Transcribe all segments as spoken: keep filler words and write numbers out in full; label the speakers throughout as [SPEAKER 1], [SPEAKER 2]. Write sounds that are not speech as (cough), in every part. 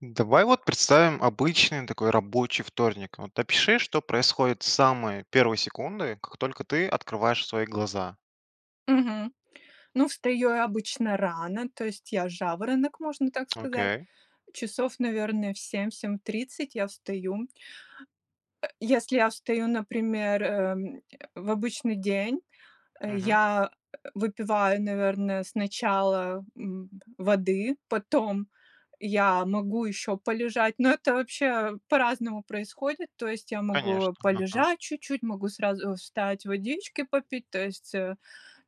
[SPEAKER 1] Давай вот представим обычный такой рабочий вторник, вот. Опиши, что происходит с самой первой секунды, как только ты открываешь свои глаза?
[SPEAKER 2] Мгм. Ну встаю я обычно рано, то есть я жаворонок, можно так сказать.
[SPEAKER 1] Окей.
[SPEAKER 2] Часов, наверное, в семь семь тридцать я встаю. Э, если я встаю, например, эм, (grunts) в обычный день, э,
[SPEAKER 1] Мгм.
[SPEAKER 2] я, э, выпиваю, наверное, сначала, м, п воды, потом я могу ещё полежать, но это вообще по-разному происходит. То есть я
[SPEAKER 1] Конечно,
[SPEAKER 2] могу
[SPEAKER 1] ага.
[SPEAKER 2] полежать чуть-чуть, могу сразу встать, водички попить, то есть, э,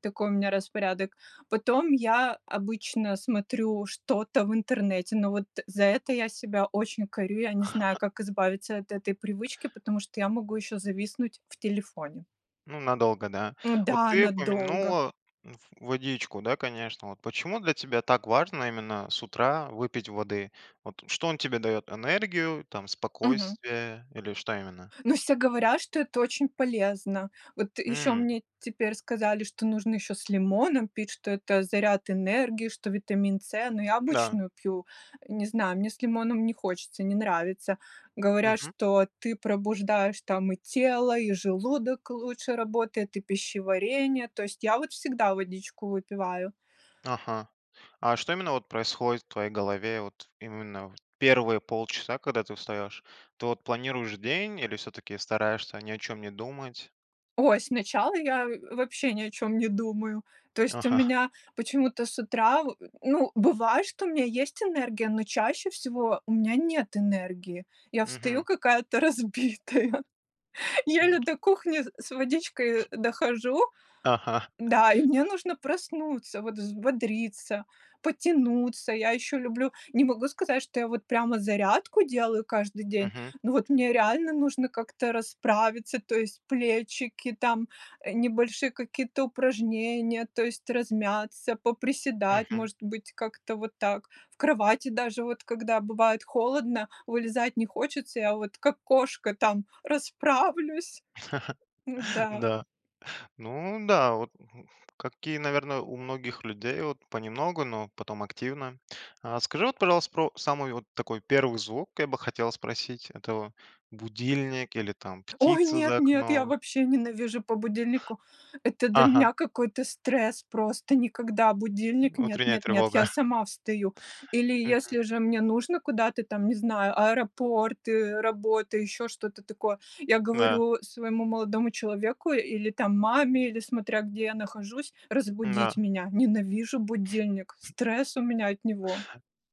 [SPEAKER 2] такой у меня распорядок. Потом я обычно смотрю что-то в интернете, ну вот за это я себя очень корю. Я не знаю,
[SPEAKER 1] (chuckles)
[SPEAKER 2] как избавиться от этой привычки, потому что я могу ещё зависнуть в телефоне.
[SPEAKER 1] Ну, надолго, да? Вот
[SPEAKER 2] М-да,
[SPEAKER 1] ты
[SPEAKER 2] надолго!
[SPEAKER 1] упомянула в водичку, да, конечно. Вот почему для тебя так важно именно с утра выпить воды? Вот что он тебе дает: энергию, там,
[SPEAKER 2] Мгм.
[SPEAKER 1] спокойствие или что именно?
[SPEAKER 2] Ну все говорят, что это очень полезно. Вот ещё
[SPEAKER 1] М.
[SPEAKER 2] мне теперь сказали, что нужно ещё с лимоном пить, что это заряд энергии, что витамин С, но я
[SPEAKER 1] Да.
[SPEAKER 2] обычную пью, не знаю, мне с лимоном не хочется, не нравится. Говорят,
[SPEAKER 1] Мгм.
[SPEAKER 2] что ты пробуждаешь там и тело, и желудок лучше работает, и пищеварение, то есть я вот всегда водичку выпиваю.
[SPEAKER 1] Ага. А что именно, вот, происходит в твоей голове, вот именно, вот в первые полчаса, когда ты встаешь? Ты вот планируешь день или всё-таки стараешься ни о чем не думать?
[SPEAKER 2] Ой, сначала я, э, вообще ни о чем не думаю. То есть у
[SPEAKER 1] Ага. (chuckles)
[SPEAKER 2] меня почему-то с утра во ну, бывает, что у меня есть энергия, но чаще всего у меня нет энергии. Я встаю
[SPEAKER 1] Мгм.
[SPEAKER 2] какая-то разбитая, еле
[SPEAKER 1] М.
[SPEAKER 2] до кухни с с водичкой, э, дохожу.
[SPEAKER 1] Ага.
[SPEAKER 2] Да, и мне нужно проснуться, вот взбодриться, потянуться. Я еще люблю не могу сказать, что я вот прямо зарядку делаю каждый день,
[SPEAKER 1] Мгм.
[SPEAKER 2] но вот мне реально нужно как-то расправиться, то есть плечики, там, э, небольшие какие-то упражнения, то есть размяться, поприседать,
[SPEAKER 1] Мгм.
[SPEAKER 2] может быть, как-то вот так. В кровати даже вот, когда бывает холодно, вылезать не хочется, я вот, как кошка, там расправлюсь.
[SPEAKER 1] (chuckles)
[SPEAKER 2] Н-да.
[SPEAKER 1] Да. Ну да, вот, (grunts) как и, наверно, у многих людей вот. Понемногу, но потом активно. А скажи вот, пожалуйста, про самый вот такой первый звук, я бы хотел спросить. Это будильник или там
[SPEAKER 2] Ой,
[SPEAKER 1] птица за
[SPEAKER 2] нет-нет, я
[SPEAKER 1] окном?
[SPEAKER 2] вообще ненавижу по будильнику! Это для
[SPEAKER 1] Ага.
[SPEAKER 2] меня какой-то стресс, просто никогда, будильник нет
[SPEAKER 1] Утренняя
[SPEAKER 2] нет нет,
[SPEAKER 1] тревога.
[SPEAKER 2] я
[SPEAKER 1] (chuckles)
[SPEAKER 2] сама встаю. Или
[SPEAKER 1] Мгм.
[SPEAKER 2] если же мне нужно куда-то там, не знаю, аэропорты, работы, еще что-то такое, я
[SPEAKER 1] Да.
[SPEAKER 2] говорю своему молодому человеку или там маме, или смотря где я нахожусь, разбудить
[SPEAKER 1] Да.
[SPEAKER 2] меня. Ненавижу будильник, стресс у меня от него.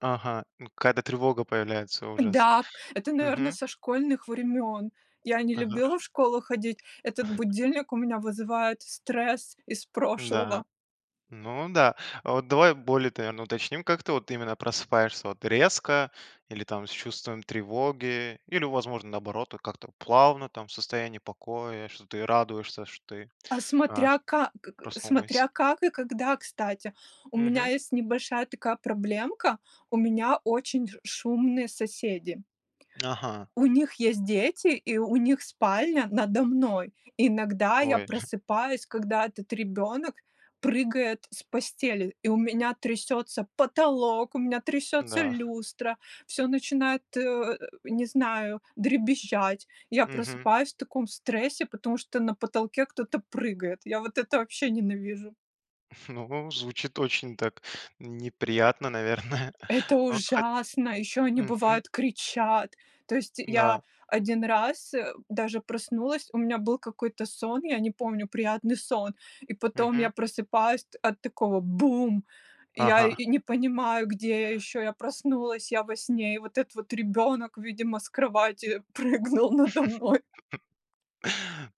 [SPEAKER 1] Ага. Ну, какая-то тревога появляется, ужас.
[SPEAKER 2] Да, это, наверно,
[SPEAKER 1] Мгм.
[SPEAKER 2] со школьных времен. Я не
[SPEAKER 1] Ага.
[SPEAKER 2] любила
[SPEAKER 1] (chuckles)
[SPEAKER 2] в школу ходить, этот
[SPEAKER 1] (chuckles)
[SPEAKER 2] будильник у меня вызывает стресс из
[SPEAKER 1] Да.
[SPEAKER 2] прошлого.
[SPEAKER 1] Ну да. А вот давай более т наверно, уточним, как ты вот именно просыпаешься, вот, резко или, там, с чувством тревоги, или, возможно, наоборот, то как-то плавно, там, в состоянии покоя, что ты радуешься, что ты,
[SPEAKER 2] А
[SPEAKER 1] а,
[SPEAKER 2] смотря ка к к
[SPEAKER 1] проснулась.
[SPEAKER 2] смотря как и когда, кстати, у меня
[SPEAKER 1] Мгм.
[SPEAKER 2] есть небольшая такая проблемка- у меня очень ж шумные соседи.
[SPEAKER 1] Ага.
[SPEAKER 2] У них есть дети, и у них спальня надо мной. Иногда я
[SPEAKER 1] Ой. (chuckles)
[SPEAKER 2] просыпаюсь, когда этот ребенок прыгает с постели, и у меня трясется потолок, у меня трясется
[SPEAKER 1] Да.
[SPEAKER 2] люстра, всё начинает, э, не знаю, дребезжать. Я
[SPEAKER 1] Мгм.
[SPEAKER 2] просыпаюсь в таком стрессе, потому что на потолке кто-то прыгает. Я вот это вообще ненавижу!
[SPEAKER 1] (chuckles) Ну, звучит очень так неприятно, наверное.
[SPEAKER 2] Это
[SPEAKER 1] Вот хот
[SPEAKER 2] ужасно! Ещё они,
[SPEAKER 1] Мгм.
[SPEAKER 2] бывает, кричат! То есть я
[SPEAKER 1] Да.
[SPEAKER 2] один раз, э, даже проснулась, у меня был какой-то сон, я не помню, приятный сон, и потом я
[SPEAKER 1] Мгм.
[SPEAKER 2] просыпаюсь т от такого: "Бум!" И я
[SPEAKER 1] Ага.
[SPEAKER 2] и не понимаю, где я ещё, я проснулась, я во сне, и вот этот вот ребёнок, видимо, с кровати прыгнул надо мной.
[SPEAKER 1] (chuckles)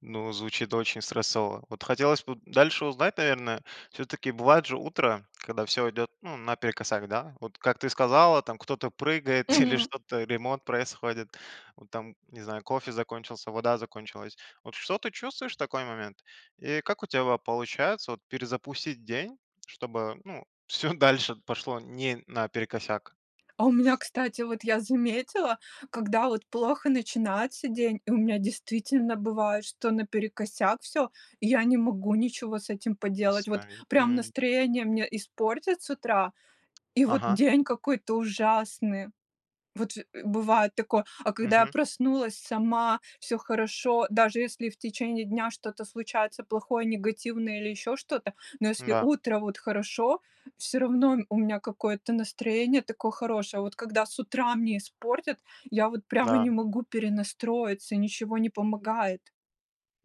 [SPEAKER 1] Ну, звучит очень стрессово. Вот, хотелось бы дальше узнать, наверное. Всё-таки бывает же утро, когда всё идет ну наперекосяк, да? Вот, как ты сказала, там кто-то прыгает (chuckles) или
[SPEAKER 2] Мгм.
[SPEAKER 1] что-то, ремонт происходит, ну там, не знаю, кофе закончился, вода закончилась. Вот что ты чувствуешь в такой момент и как у тебя вот получается вот перезапустить день, чтобы, ну всё дальше пошло не наперекосяк?
[SPEAKER 2] А у меня,
[SPEAKER 1] (sniffs)
[SPEAKER 2] кстати, вот, я заметила, когда вот плохо начинается день, и у меня действительно бывает, что наперекосяк всё. И я не могу ничего с этим поделать. Вот
[SPEAKER 1] Восстанови,
[SPEAKER 2] прям
[SPEAKER 1] мгм.
[SPEAKER 2] настроение мне испортят с утра, и вот
[SPEAKER 1] Ага.
[SPEAKER 2] день какой-то ужасный. Вот же, э, бывает такое. А когда я
[SPEAKER 1] Мгм.
[SPEAKER 2] проснулась сама, всё хорошо, даже если в течение дня что-то случается плохое, негативное или ещё что-то, но если
[SPEAKER 1] Да.
[SPEAKER 2] утро вот хорошо, всё равно у м у меня какое-то настроение такое хорошее. А вот когда с утра мне испортят, я вот прямо
[SPEAKER 1] Да.
[SPEAKER 2] не могу перенастроиться, ничего не помогает.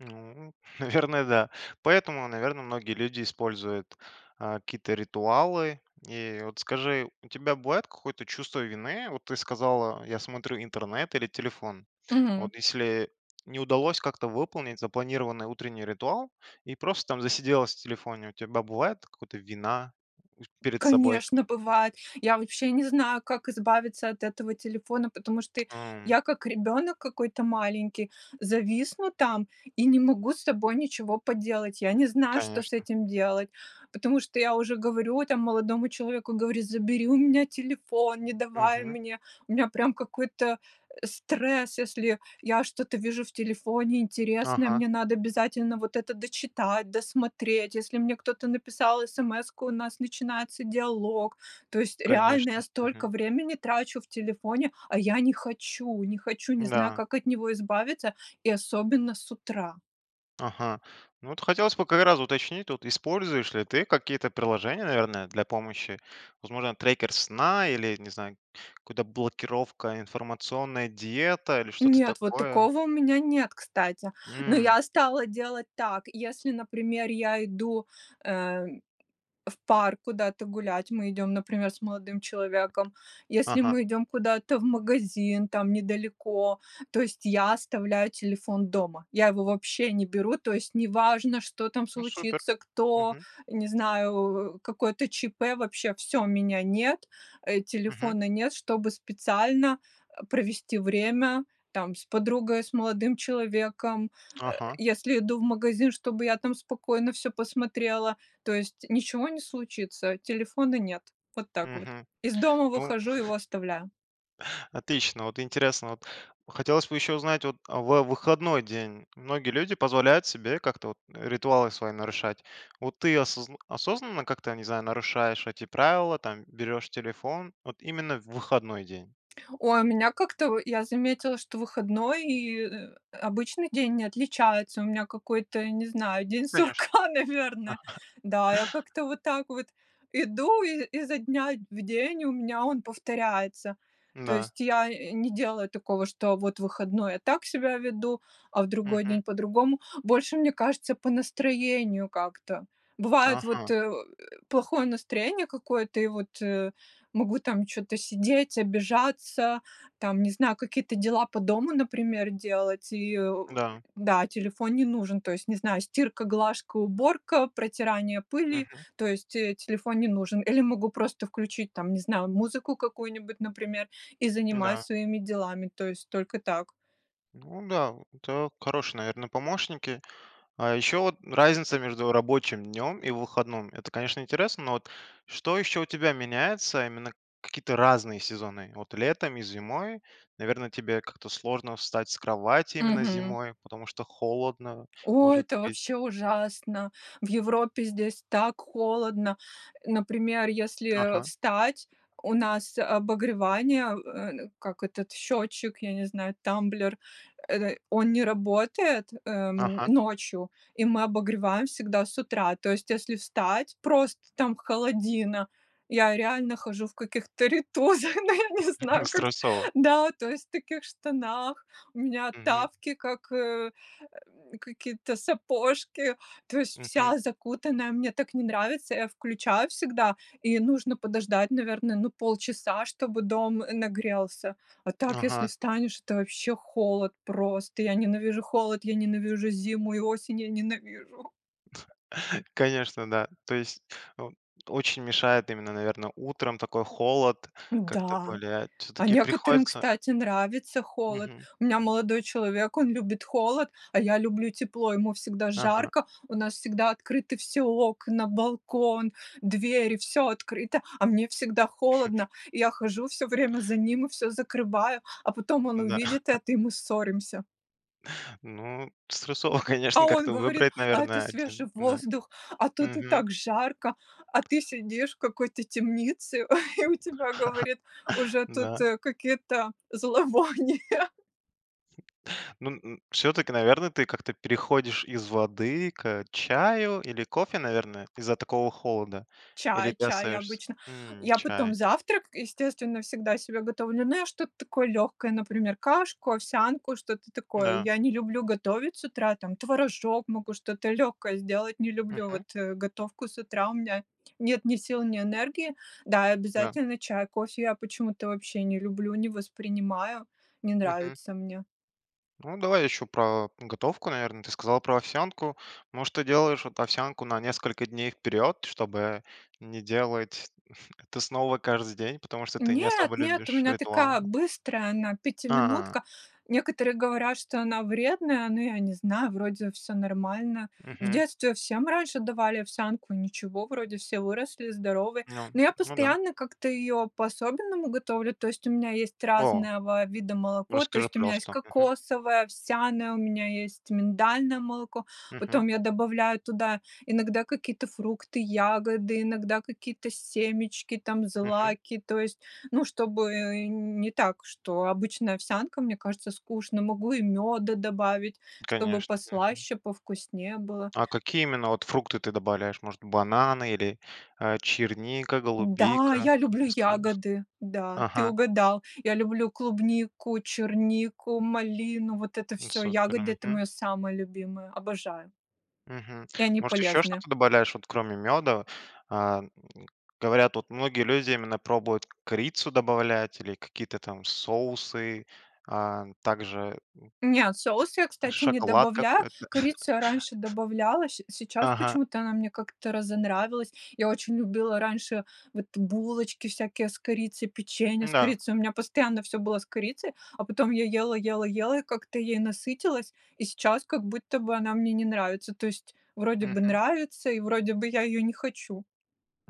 [SPEAKER 1] Ну, наверное, да. Поэтому, наверно, многие люди используют, э, какие-то ритуалы. И вот скажи, у тебя бывает какое-то чувство вины? Вот ты сказала я смотрю интернет или телефон.
[SPEAKER 2] Мгм.
[SPEAKER 1] Вот если не удалось как-то выполнить запланированный утренний ритуал, и просто там засиделась в телефоне, у тебя бывает такое какое-то вина, усь перед собой?
[SPEAKER 2] Конечно, бывает! Я вообще не знаю, как избавиться от этого телефона. Потому что й
[SPEAKER 1] Ам.
[SPEAKER 2] я как ребёнок какой-то маленький, зависну там, и не могу с собой ничего поделать. Я не знаю, что с
[SPEAKER 1] Конечно.
[SPEAKER 2] этим делать, потому что я уже говорю там молодому человеку, говорю: "Забери у меня телефон, не давай
[SPEAKER 1] Мгм.
[SPEAKER 2] мне". У меня прям какой-то, э, стресс, если я я что-то вижу в телефоне интересное,
[SPEAKER 1] Ага.
[SPEAKER 2] мне надо обязательно вот это дочитать, досмотреть. Если мне кто-то написал эсэмэску, у нас начинается диалог. То есть реально
[SPEAKER 1] Конечно,
[SPEAKER 2] я столько
[SPEAKER 1] мгм.
[SPEAKER 2] времени трачу в телефоне, а я не хочу не хочу, не знаю,
[SPEAKER 1] Да.
[SPEAKER 2] как от него избавиться, и особенно с утра.
[SPEAKER 1] Ага, ну вот хотелось бы как раз уточнить тут. Используешь ли ты какие-то приложения, наверное, для помощи? Возможно трекер сна, или не знаю, какую-то блокировка, информационная диета или что-то
[SPEAKER 2] Нет, вот
[SPEAKER 1] такое?
[SPEAKER 2] такого у меня нет, кстати. Но
[SPEAKER 1] М.
[SPEAKER 2] я стала делать так. Если, например, я иду, э, в парк куда-то гулять. Мы идём, например, с молодым человеком, если
[SPEAKER 1] Ага.
[SPEAKER 2] мы идём куда-то в магазин там недалеко, то есть я оставляю телефон дома. Я его вообще не беру. То есть неважно, что там
[SPEAKER 1] Ну супер,
[SPEAKER 2] случится, кто,
[SPEAKER 1] мгм.
[SPEAKER 2] не знаю, э, какое-то ЧП, вообще всё, меня нет, э,
[SPEAKER 1] Мгм.
[SPEAKER 2] телефона нет. Чтобы специально, э, провести время там с подругой, с молодым человеком. Э,
[SPEAKER 1] Ага.
[SPEAKER 2] если иду в магазин, чтобы я там спокойно всё посмотрела, то есть ничего не случится, телефона нет. Вот так вот
[SPEAKER 1] Мгм,
[SPEAKER 2] из дома
[SPEAKER 1] ну
[SPEAKER 2] выхожу, его оставляю.
[SPEAKER 1] (chuckles) Отлично, вот интересно вот. Хотелось бы ещё узнать, вот, а в выходной день многие люди позволяют себе как-то вот, э, ритуалы свои нарушать. Вот ты осозн осознанно как-то, не знаю, нарушаешь эти правила? Там берёшь телефон вот именно в выходной день?
[SPEAKER 2] Ой, у меня как-то, в я заметила, что выходной и, э, обычный день не отличается. У меня какой-то, не знаю,
[SPEAKER 1] Ну,
[SPEAKER 2] день
[SPEAKER 1] конечно.
[SPEAKER 2] сурка, наверно,
[SPEAKER 1] (chuckles)
[SPEAKER 2] да. Я как-то вот так вот иду, и изо дня в день, и у меня он повторяется. То
[SPEAKER 1] Н-да.
[SPEAKER 2] есть я, э, не делаю такого, что вот в выходной я так себя веду, а в другой
[SPEAKER 1] Мгм.
[SPEAKER 2] день по-другому. Больше, мне кажется, по настроению как-то. Бывает вот,
[SPEAKER 1] Ага.
[SPEAKER 2] э, плохое настроение какое-то, и вот, э, могу там чё-то сидеть, обижаться, там, не знаю, какие-то дела по дому, например, делать. И, э,
[SPEAKER 1] Да.
[SPEAKER 2] да, телефон не нужен. То есть, не знаю, стирка, глажка, уборка, протирание пыли,
[SPEAKER 1] Мгм.
[SPEAKER 2] то есть, э, телефон не нужен. Или могу просто включить там, не знаю, музыку какую-нибудь, например, и занимаюсь
[SPEAKER 1] Да.
[SPEAKER 2] своими делами, то есть только так.
[SPEAKER 1] Ну да. (grunts) Это хорошие, наверно, помощники. А ещё вот разница между рабочим днём и выходном- это конечно интересно. Но вот что ещё у тебя меняется, именно какие-то разные сезоны. Вот летом и зимой, наверно тебе как-то сложно встать с кровати именно
[SPEAKER 2] Мгм.
[SPEAKER 1] зимой, потому что холодно,
[SPEAKER 2] Ой,
[SPEAKER 1] может
[SPEAKER 2] это
[SPEAKER 1] быть?
[SPEAKER 2] вообще ужасно! В Европе здесь так холодно. Э, например, если, э,
[SPEAKER 1] Ага.
[SPEAKER 2] встать, у нас обогревание, э, н как этот счетчик, я не знаю, тамблер, эт он не работает, эм,
[SPEAKER 1] Ага.
[SPEAKER 2] ночью, и мы обогреваем всегда с утра. То есть если встать просто там холодина, я реально хожу в каких-то рейтузах. Ну я не знаю,
[SPEAKER 1] (chuckles)
[SPEAKER 2] как
[SPEAKER 1] Стрессово.
[SPEAKER 2] да, то есть в таких штанах. У меня
[SPEAKER 1] Мгм.
[SPEAKER 2] тапки, как, э, какие-то сапожки, то есть
[SPEAKER 1] Мгм.
[SPEAKER 2] вся закутанная, мне так не нравится. Я включаю всегда, и нужно подождать, наверное, ну полчаса, чтобы дом, э, нагрелся. А так если
[SPEAKER 1] Ага.
[SPEAKER 2] встанешь, это вообще холод просто. Я ненавижу холод, я ненавижу зиму и осень, я ненавижу!
[SPEAKER 1] (chuckles) Конечно, да, то есть, ну, очень мешает именно, наверно, утром, такой холод, как-то
[SPEAKER 2] Да,
[SPEAKER 1] более
[SPEAKER 2] а
[SPEAKER 1] всё-таки
[SPEAKER 2] некоторым,
[SPEAKER 1] приходится
[SPEAKER 2] кстати, нравится холод.
[SPEAKER 1] Мгм.
[SPEAKER 2] У меня молодой человек- он любит холод, а я люблю тепло, ему всегда
[SPEAKER 1] Ага.
[SPEAKER 2] жарко, у нас всегда открыты все окна, балкон, двери, всё открыто, а мне всегда
[SPEAKER 1] (chuckles)
[SPEAKER 2] холодно. И я хожу всё время за ним и всё закрываю, а потом он
[SPEAKER 1] Ну да.
[SPEAKER 2] увидит
[SPEAKER 1] (chuckles)
[SPEAKER 2] это, и мы ссоримся.
[SPEAKER 1] Ну стрессово,
[SPEAKER 2] А
[SPEAKER 1] конечно,
[SPEAKER 2] он
[SPEAKER 1] как-то
[SPEAKER 2] говорит:
[SPEAKER 1] выбрать,
[SPEAKER 2] "А это
[SPEAKER 1] наверное, один,
[SPEAKER 2] свежий
[SPEAKER 1] да.
[SPEAKER 2] воздух, а тут и
[SPEAKER 1] Мгм.
[SPEAKER 2] так жарко, а ты сидишь в какой-то темнице, (chuckles) и у тебя,- говорит,-
[SPEAKER 1] (chuckles)
[SPEAKER 2] уже тут
[SPEAKER 1] Да.
[SPEAKER 2] какие-то зловония."
[SPEAKER 1] (chuckles) Ну у, всё-таки, наверно, ты как-то переходишь из воды к чаю или кофе, наверное, из-за такого холода? Или
[SPEAKER 2] Чай
[SPEAKER 1] ты
[SPEAKER 2] чай
[SPEAKER 1] остаешься
[SPEAKER 2] обычно.
[SPEAKER 1] М,
[SPEAKER 2] Я потом
[SPEAKER 1] чай.
[SPEAKER 2] завтрак, естественно, всегда себе готовлю, но я что-то такое легкое, например, кашку, овсянку, что-то такое.
[SPEAKER 1] Да.
[SPEAKER 2] Я не люблю готовить с утра, там, творожок, могу что-то легкое сделать, не люблю
[SPEAKER 1] Мгм.
[SPEAKER 2] вот, э, готовку с утра, у меня нет ни сил, ни энергии. Да, и
[SPEAKER 1] Да.
[SPEAKER 2] обязательно чай, кофе я почему-то вообще не люблю, не воспринимаю, не
[SPEAKER 1] Мгм.
[SPEAKER 2] нравится мне.
[SPEAKER 1] Ну, давай еще про готовку, наверно. Ты сказала про овсянку. Ну, что делаешь вот овсянку на несколько дней вперед, чтобы не делать ф это снова каждый день, потому что ты не
[SPEAKER 2] Нет,
[SPEAKER 1] особо
[SPEAKER 2] нет, у
[SPEAKER 1] любишь
[SPEAKER 2] меня
[SPEAKER 1] ритуал.
[SPEAKER 2] такая быстрая она, пятиминутка.
[SPEAKER 1] А.
[SPEAKER 2] Некоторые говорят, что она вредная, но я не знаю, вроде всё нормально. В
[SPEAKER 1] Мгм.
[SPEAKER 2] детстве всем раньше давали овсянку, ничего, вроде все выросли, здоровы.
[SPEAKER 1] Ну,
[SPEAKER 2] Но я
[SPEAKER 1] ну да.
[SPEAKER 2] постоянно как-то ее по-особенному готовлю, то есть у меня есть
[SPEAKER 1] О.
[SPEAKER 2] разного вида молоко. То
[SPEAKER 1] Расскажи,
[SPEAKER 2] есть у меня есть
[SPEAKER 1] пожалуйста. Мгм.
[SPEAKER 2] кокосовое, овсяное, у меня есть миндальное молоко,
[SPEAKER 1] Мгм.
[SPEAKER 2] потом я добавляю туда иногда какие-то фрукты, ягоды, иногда какие-то семечки, там,
[SPEAKER 1] Мгм.
[SPEAKER 2] злаки, то есть, ну, чтобы не так, что обычная овсянка, мне кажется, скучно. Могу и мёда добавить, чтобы
[SPEAKER 1] Конечно. Мгм.
[SPEAKER 2] послаще, повкуснее было.
[SPEAKER 1] А какие именно вот фрукты ты добавляешь? Может бананы или, э, черника,
[SPEAKER 2] Да,
[SPEAKER 1] голубика?
[SPEAKER 2] я
[SPEAKER 1] Ну-ка
[SPEAKER 2] люблю
[SPEAKER 1] расскажи. (chuckles)
[SPEAKER 2] ягоды! Да, ты
[SPEAKER 1] Ага.
[SPEAKER 2] угадал. Я люблю клубнику, чернику, малину, вот это
[SPEAKER 1] Ну
[SPEAKER 2] всё
[SPEAKER 1] супер.
[SPEAKER 2] ягоды- это
[SPEAKER 1] Мгм.
[SPEAKER 2] моё самое любимое, обожаю.
[SPEAKER 1] Мгм.
[SPEAKER 2] И они
[SPEAKER 1] Может еще
[SPEAKER 2] полезны.
[SPEAKER 1] что-то добавляешь вот, кроме мёда? А, м, говорят, вот многие люди именно пробуют корицу добавлять или какие-то там соусы, а, также,
[SPEAKER 2] Не, соус я,
[SPEAKER 1] м,
[SPEAKER 2] кстати, не
[SPEAKER 1] шоколад
[SPEAKER 2] добавляю.
[SPEAKER 1] какой-то.
[SPEAKER 2] Корицу я раньше
[SPEAKER 1] (chuckles)
[SPEAKER 2] добавляла, щ сейчас
[SPEAKER 1] Ага.
[SPEAKER 2] почему-то она мне как-то разонравилась. Я очень любила раньше вот булочки всякие с корицей, печенье с
[SPEAKER 1] Н-да.
[SPEAKER 2] корицей. У меня постоянно всё было с корицей, а потом я ела ела ела, и как-то ей насытилась, и сейчас как будто бы она мне не нравится. То есть вроде бы
[SPEAKER 1] Мгм.
[SPEAKER 2] нравится, и вроде бы я её не хочу.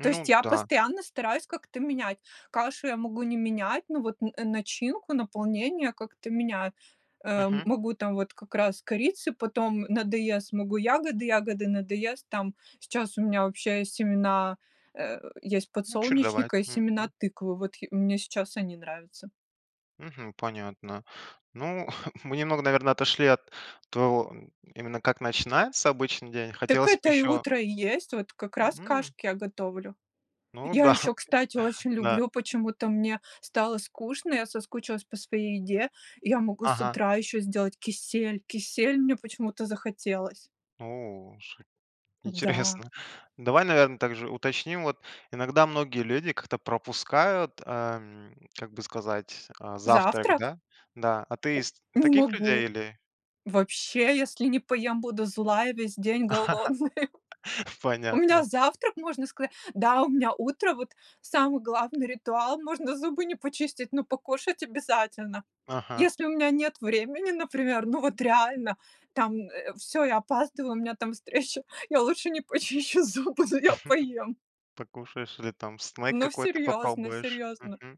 [SPEAKER 2] То есть я
[SPEAKER 1] да.
[SPEAKER 2] постоянно стараюсь как-то менять. Кашу я могу не менять, ну вот н э, начинку, наполнение как-то меняю. Э, м
[SPEAKER 1] Мгм.
[SPEAKER 2] могу там вот как раз корицы, потом надоест, могу ягоды, ягоды надоест Там сейчас у меня вообще есть семена, э, есть
[SPEAKER 1] Ну, чередовать.
[SPEAKER 2] подсолнечника и семена
[SPEAKER 1] Мгм.
[SPEAKER 2] тыквы. Вот тхи мне сейчас они нравятся.
[SPEAKER 1] Мгм. Понятно. Ну, (chuckles) мы немного, наверное, отошли от твоего (grunts) именно как начинается обычный день.
[SPEAKER 2] Так
[SPEAKER 1] Хотелось бы
[SPEAKER 2] это и
[SPEAKER 1] еще
[SPEAKER 2] утро и есть. Вот как раз
[SPEAKER 1] М!
[SPEAKER 2] кашки я готовлю.
[SPEAKER 1] Ну,
[SPEAKER 2] Я
[SPEAKER 1] да.
[SPEAKER 2] еще, кстати, очень
[SPEAKER 1] Да.
[SPEAKER 2] люблю почему-то мне стало скучно, я соскучилась по своей еде. Я могу с
[SPEAKER 1] Ага.
[SPEAKER 2] утра еще сделать кисель. Кисель мне почему-то захотелось.
[SPEAKER 1] О, ш
[SPEAKER 2] Да.
[SPEAKER 1] интересно. Давай, наверно, также уточним: вот иногда многие люди как-то пропускают, ам, как бы сказать, а, завтрак,
[SPEAKER 2] Завтрак?
[SPEAKER 1] да. Да. А ты из
[SPEAKER 2] Не
[SPEAKER 1] таких людей
[SPEAKER 2] могу,
[SPEAKER 1] или
[SPEAKER 2] вообще, если не поем, буду злая, весь день голодная.
[SPEAKER 1] (chuckles)
[SPEAKER 2] (chuckles) У меня
[SPEAKER 1] Понятно.
[SPEAKER 2] завтрак, можно сказать да, у меня утро вот самый главный ритуал, можно зубы не почистить, но покушать обязательно.
[SPEAKER 1] Ага.
[SPEAKER 2] Если у меня нет времени, например, ну вот реально там, э, всё, я опаздываю, у меня там встреча, я лучше не почищу зубы, но я поем.
[SPEAKER 1] (chuckles) Покушаешь или там снек
[SPEAKER 2] Ну
[SPEAKER 1] какой-то
[SPEAKER 2] серьезно
[SPEAKER 1] попробуешь?
[SPEAKER 2] серьезно.
[SPEAKER 1] Мгм.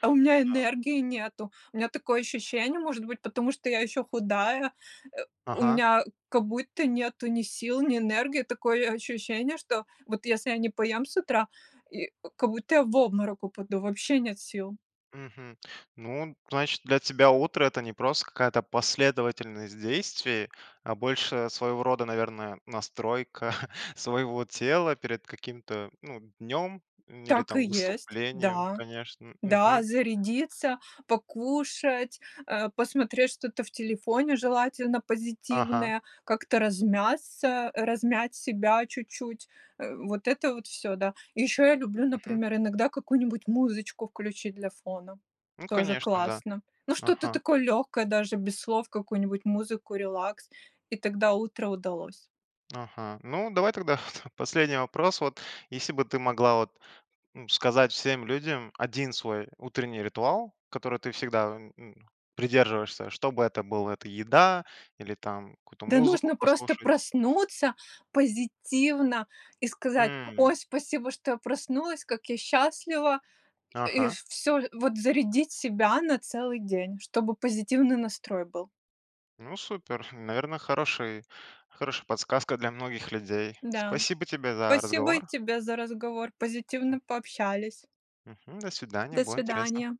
[SPEAKER 2] А у меня
[SPEAKER 1] А
[SPEAKER 2] энергии нету. У меня такое ощущение, может быть, потому что я ещё худая, э, у
[SPEAKER 1] Ага.
[SPEAKER 2] меня как будто нету ни сил, ни энергии. Такое ощущение, что вот если я не поем с утра, и, как будто я в обморок упаду, вообще нет сил.
[SPEAKER 1] Мгм. Ну, значит, для тебя утро- это не просто какая-то последовательность действий, а больше, своего рода, наверное, настройка (chuckles) своего тела перед каким-то, ну днем или
[SPEAKER 2] Так и
[SPEAKER 1] там
[SPEAKER 2] есть,
[SPEAKER 1] выступлением.
[SPEAKER 2] да.
[SPEAKER 1] Конечно,
[SPEAKER 2] Да,
[SPEAKER 1] мгм.
[SPEAKER 2] зарядиться, покушать, а, посмотреть что-то в телефоне, желательно
[SPEAKER 1] Ага.
[SPEAKER 2] позитивное, как-то размяться, размять себя чуть-чуть, э, вот это вот всё, да. И еще я люблю,
[SPEAKER 1] Мгм.
[SPEAKER 2] например, иногда какую-нибудь музычку включить для фона,
[SPEAKER 1] Ну,
[SPEAKER 2] тоже
[SPEAKER 1] конечно, да.
[SPEAKER 2] классно, ну что-то
[SPEAKER 1] Ага.
[SPEAKER 2] такое легкое даже без слов, какую-нибудь музыку, релакс. И тогда утро удалось.
[SPEAKER 1] Ага. Ну, давай тогда (chuckles) последний вопрос вот. Если бы ты могла вот, ну, сказать всем людям один свой утренний ритуал, который ты всегда, м, придерживаешься- чтобы это было: это еда или там какую-то
[SPEAKER 2] Да
[SPEAKER 1] музыку
[SPEAKER 2] нужно просто
[SPEAKER 1] послушать?
[SPEAKER 2] проснуться позитивно, и сказать:
[SPEAKER 1] М.
[SPEAKER 2] "Ой, спасибо, что я проснулась, как я счастлива"! И
[SPEAKER 1] Ага.
[SPEAKER 2] всё, вот зарядить себя на целый день, чтобы позитивный настрой был.
[SPEAKER 1] Ну супер, (chuckles) наверное, хороший хорошая подсказка для многих людей.
[SPEAKER 2] Да,
[SPEAKER 1] Спасибо тебе за
[SPEAKER 2] спасибо и
[SPEAKER 1] разговор.
[SPEAKER 2] тебе за разговор,
[SPEAKER 1] М
[SPEAKER 2] позитивно пообщались.
[SPEAKER 1] Мгм. До свидания,
[SPEAKER 2] До
[SPEAKER 1] было интересно.
[SPEAKER 2] свидания.